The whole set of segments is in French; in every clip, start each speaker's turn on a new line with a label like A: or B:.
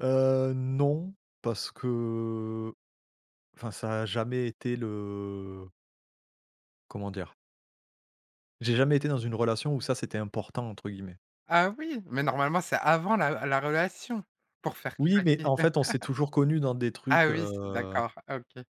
A: Heu, non parce que enfin ça a jamais été le comment dire? J'ai jamais été dans une relation où ça c'était «important» entre guillemets.
B: Ah oui! Mais normalement c'est avant la la relation, pour faire
A: Oui mais
B: craquer.
A: en fait on s'est toujours connu dans des trucs,
B: Ah oui, c'est
A: heu
B: d'accord OK.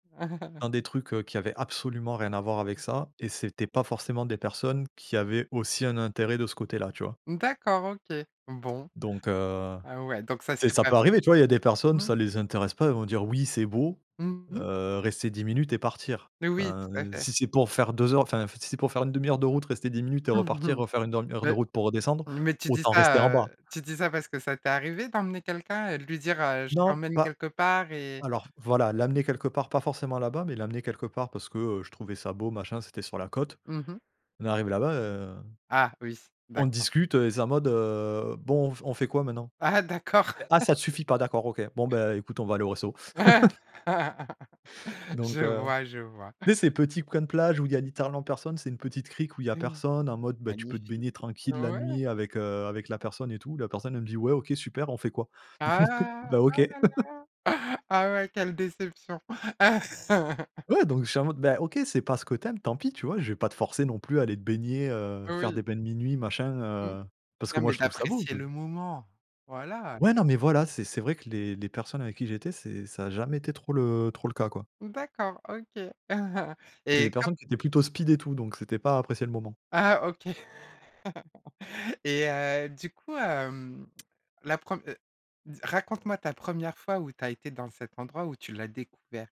A: dans des trucs, heu, qui avaient absolument rien à voir avec ça et c'était pas forcément des personnes qui avaient aussi un intérêt de ce côté là, tu vois?
B: D'accord OK, bon.
A: Donc heu,
B: Heu, ouais donc ça c'est
A: tu sais, ça
B: pas
A: peut
B: fait.
A: arriver tu vois? Il y a des personnes
B: Mmh.
A: ça les intéresse pas, ils vont dire oui c'est beau,
B: Mmh Mh.
A: heu, rester 10 minutes et partir.
B: Mais oui
A: Enfin,
B: tout à fait.
A: si c'est pour faire 2 heures, enfin si c'est pour faire 1/2 heure de route rester 10 minutes et
B: Mmh
A: repartir
B: mh.
A: refaire une heure heure de
B: Beh,
A: route pour redescendre,
B: mais tu dis
A: autant rester en
B: ça,
A: bas.
B: heu, tu dis ça parce que ça t'est arrivé d'emmener quelqu'un et de lui dire, heu, je
A: Non
B: t'emmène
A: pas
B: quelque part et
A: alors voilà, l'amener quelque part pas forcément là-bas, mais l'amener quelque part parce que, heu, je trouvais ça beau machin, c'était sur la côte.
B: Mmh mh.
A: On est arrivé là-bas, heu,
B: Ah oui.
A: on
B: D'accord.
A: discute et c'est en mode, heu, bon on f on fait quoi maintenant?
B: Ah d'accord!
A: Ah ça te suffit pas d'accord OK, bon bah écoute, on va aller au resto.
B: Ouais! Je
A: Donc heu,
B: vois, je vois.
A: tu sais ces petits coin de plage où il y a littéralement personne, c'est une petite crique où il y a
B: [unintelligible]
A: personne en mode bah tu peux te
B: Magnifique.
A: baigner tranquille la
B: Ouais!
A: nuit avec, heu, avec la personne et tout, la personne elle me dit: «Ouais OK super on fait quoi?»
B: Ah!
A: Ben OK.
B: Ah là-là! Ah ouais quelle déception
A: Ouais donc je suis en mode ben OK c'est pas ce que tu aimes tant pis tu vois? Je vais pas te forcer non plus à aller te baigner, heu, faire
B: Oui.
A: des bains minuit machin,
B: Mmh.
A: heu, parce que
B: Non
A: moi
B: mais
A: je trouve ça beau,
B: d'apprécier
A: je
B: le moment! Voilà.
A: Ouais non mais voilà c'est c'est vrai que les les personnes avec qui j'étais c'est ça a jamais été trop le trop le cas quoi.
B: D'accord, OK,
A: C'est des
B: et quand
A: personnes qui étaient plutôt speed et tout donc c'était pas: «apprécier le moment».
B: Ah OK, et heu, du coup, hem, la prem, heu raconte-moi ta première fois où tu as été dans cet endroit, où tu l'as découvert.